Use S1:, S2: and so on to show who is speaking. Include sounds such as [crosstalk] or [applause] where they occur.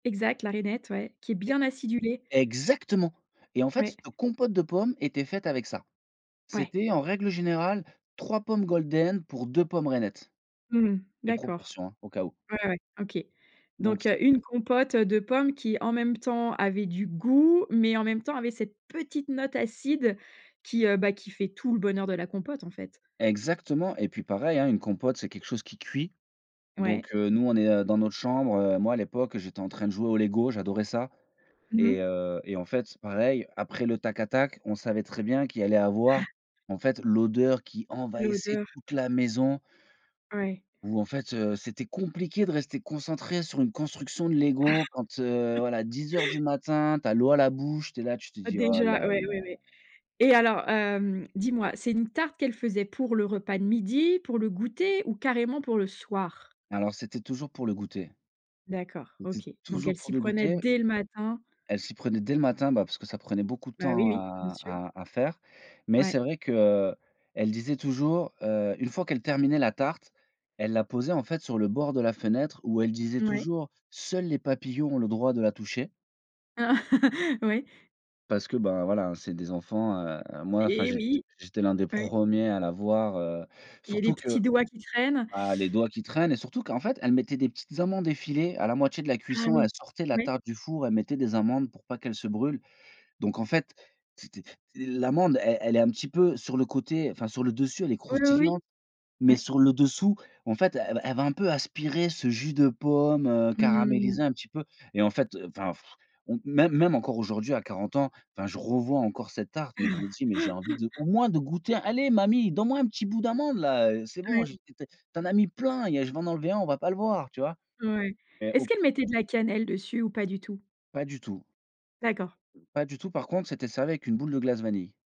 S1: Exact, la rainette, ouais, qui est
S2: E
S1: bien acidulée.
S2: exactement et en fait,
S1: Ouais.
S2: c te compote de pommes était faite avec ça.
S1: Ouais.
S2: C'était en règle générale, 3 pommes golden pour 2 pommes rainettes.
S1: Mmh mh.
S2: Les
S1: D'accord.
S2: proportions hein, au cas où.
S1: Ouais, ouais. OK.
S2: Donc
S1: Donc
S2: c
S1: heu, 1 compote de pommes qui en même temps avait du goût, mais en même temps avait cette petite note acide qui heu, bah, qui fait tout le bonheur de la compote, en fait?
S2: Exactement et puis pareil, hein. Une compote c'est quelque chose qui cuit.
S1: Ouais.
S2: Donc heu, nous on est dans notre chambre, heu, moi à l'époque j'étais en train de jouer au LEGO, j'adorais ça
S1: Mmh
S2: et
S1: mh.
S2: heu et en fait, pareil, après le tac-attaque, on savait très bien qu'il allait avoir
S1: [gasps]
S2: en fait l'odeur qui envahissait
S1: L'odeur.
S2: toute
S1: Oui.
S2: la maison
S1: Oui.
S2: où en fait, heu, c'était compliqué de rester concentré sur une construction de LEGO quand, heu,
S1: [chuckles]
S2: voilà, 10:00 du matin, tu as l'eau à la bouche, tu es là, tu te dis: «Oh là là».
S1: Déjà, ouais, ouais, ouais et alors, heu, dis-moi, c'est une tarte qu'elle faisait pour le repas de midi? Pour le goûter? Ou carrément pour le soir?
S2: Alors c'était toujours pour le goûter
S1: D'accord,
S2: c'était
S1: OK. Donc
S2: toujours
S1: elle
S2: pour
S1: s'y
S2: le
S1: prenait
S2: goûter
S1: dès le matin
S2: elle s'y prenait dès le matin, bah, parce que ça prenait beaucoup de
S1: Bah oui,
S2: temps
S1: oui, bien
S2: à
S1: sûr.
S2: à à faire, mais
S1: Ouais.
S2: c'est vrai qu'elle disait toujours, heu, une fois qu'elle terminait la tarte, elle la posait en fait sur le bord de la fenêtre où elle disait
S1: Moui.
S2: toujours: «Seuls les papillons ont le droit de la toucher»
S1: Ah. Oui.
S2: parce que, bah, voilà hein, c'est des enfants, heu, moi enfin,
S1: Et
S2: j
S1: oui.
S2: j'étais le 1 des
S1: Ouais.
S2: premiers à la voir,
S1: Il y a
S2: surtout
S1: des
S2: que
S1: petits doigts qui traînent.
S2: ah, les doigts qui traînent et surtout qu'en fait elle mettait des petites amandes effilées à la moitié de la
S1: Ah
S2: cuisson, elle
S1: oui,
S2: sortait la
S1: oui.
S2: tarte du four, elle mettait des amandes pour pas qu'elles se brûlent. Donc en fait, c'était l'amande elle elle est un petit peu sur le côté, enfin, sur le dessus elle est
S1: Oh lo, oui,
S2: croustillante, mais
S1: Ouais.
S2: sur le dessous en fait, elle va elle va, un peu aspirer ce jus de pomme, heu,
S1: Mmh.
S2: caramélisé un petit peu et en fait enfin [blows air] même même encore aujourd'hui à 40 ans, enfin, je revois encore cette tarte, mais, je me dis: «Mais j'ai envie de au
S1: [chuckles]
S2: moins de goûter, allez mamie, donne-moi un petit bout d'amande là, heu, c'est bon,
S1: Ouais.
S2: j'ai tu en as mis plein, il y a je vais en enlever 1, on va pas le voir». Tu vois?
S1: Ouais.
S2: Et au
S1: Est-ce
S2: plus
S1: qu'elle mettait de la cannelle dessus ou pas du tout?
S2: Pas du tout
S1: D'accord.
S2: pas du tout par contre, c'était servi avec une boule de glace vanille.